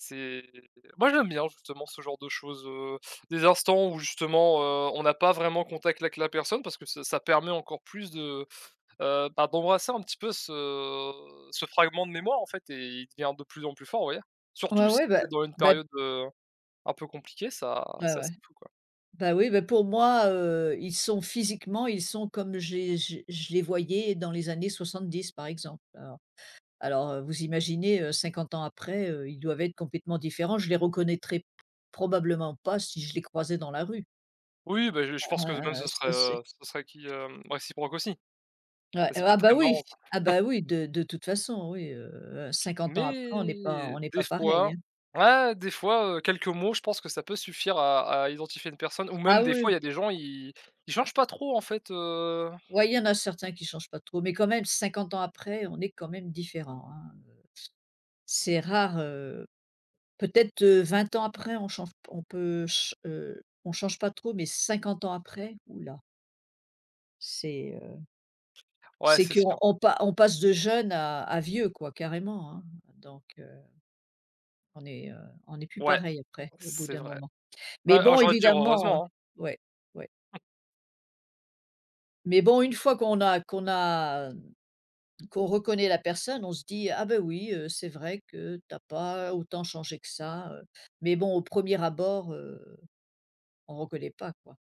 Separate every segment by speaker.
Speaker 1: C'est moi j'aime bien, justement, ce genre de choses, heu, des instants où justement, heu, on a pas vraiment contact avec la personne. Parce que ça ça permet encore plus de, heu, bah, d'embrasser un petit peu ce ce fragment de mémoire en fait et il devient de plus en plus fort, vous voyez?
Speaker 2: Ouais,
Speaker 1: Surtout si
Speaker 2: ouais, bah
Speaker 1: c'est dans une
Speaker 2: bah
Speaker 1: période, heu, un peu compliquée, ça
Speaker 2: Ouais,
Speaker 1: c'est
Speaker 2: ouais.
Speaker 1: assez fou quoi.
Speaker 2: Bah, oui, bah, pour moi, heu, ils sont physiquement ils sont comme j'ai j je les voyais dans les années 70 par exemple, alors, alors, heu, vous imaginez, heu, 50 ans après, heu, ils doivent être complètement différents, je les reconnaîtrais p probablement pas si je les croisais dans la rue.
Speaker 1: Oui, bah je je pense que même
Speaker 2: Heu,
Speaker 1: ce serait,
Speaker 2: ça c'est
Speaker 1: heu, ce serait qui hem, réciproque aussi.
Speaker 2: Ouais.
Speaker 1: Mais
Speaker 2: Heu,
Speaker 1: ça peut
Speaker 2: ah,
Speaker 1: être
Speaker 2: bah,
Speaker 1: très marrant
Speaker 2: oui.
Speaker 1: ça.
Speaker 2: Ah, bah ,oui, de de toute façon, oui. Heu, 50 ans après on est pas
Speaker 1: Mais
Speaker 2: on est
Speaker 1: des
Speaker 2: pas
Speaker 1: fois,
Speaker 2: pareil.
Speaker 1: ouais, des fois, heu, quelques mots, je pense que ça peut suffire à à identifier une personne, ou même
Speaker 2: Ah,
Speaker 1: des
Speaker 2: oui.
Speaker 1: fois il y a des gens ils ils changent pas trop en fait, heu
Speaker 2: Ouais, il y en a certains qui changent pas trop. Mais quand même 50 ans après on est quand même différent, hein, heu, c'est rare heu, peut-être, heu, 20 ans après on change p on peut chan heu, on change pas trop, mais 50 ans après, ouh là! C'est, heu,
Speaker 1: Ouais,
Speaker 2: c'est
Speaker 1: c'est sûr.
Speaker 2: qu'on pa on passe de jeune à à vieux quoi carrément, hein, donc, heu, on est, heu, on est plus
Speaker 1: Ouais,
Speaker 2: pareil après au bout
Speaker 1: c'est
Speaker 2: d'un
Speaker 1: vrai.
Speaker 2: moment.
Speaker 1: Ah,
Speaker 2: Mais
Speaker 1: alors
Speaker 2: bon
Speaker 1: j'ai envie de dire
Speaker 2: évidemment, heu
Speaker 1: heureusement, hein.
Speaker 2: ouais. Ouais.
Speaker 1: [unintelligible]
Speaker 2: Mais bon, une fois qu'on a qu'on a hem, qu'on reconnaît la personne, on se dit: «Ah, ben, oui, heu, c'est vrai que tu as pas autant changé que ça», heu, mais bon au 1er abord, heu, on reconnaît pas quoi.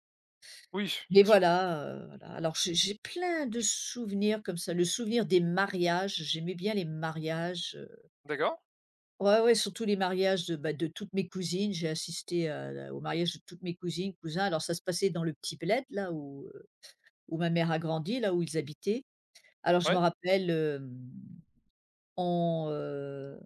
Speaker 1: Oui s
Speaker 2: Mais
Speaker 1: c'est sûr.
Speaker 2: voilà, heu, voilà. Alors j'ai j'ai plein de souvenirs comme ça. Le souvenir des mariages, j'aimais bien les mariages, heu
Speaker 1: D'accord.
Speaker 2: Ouais, ouais. Surtout les mariages de, bah, de toutes mes cousines. J'ai assisté à la au mariage de toutes mes cousines, cousins. Alors ça se passait dans le petit bled là où, heu, où ma mère a grandi, là où ils habitaient. Alors je me
Speaker 1: Ouais.
Speaker 2: rappelle, hem, on, heu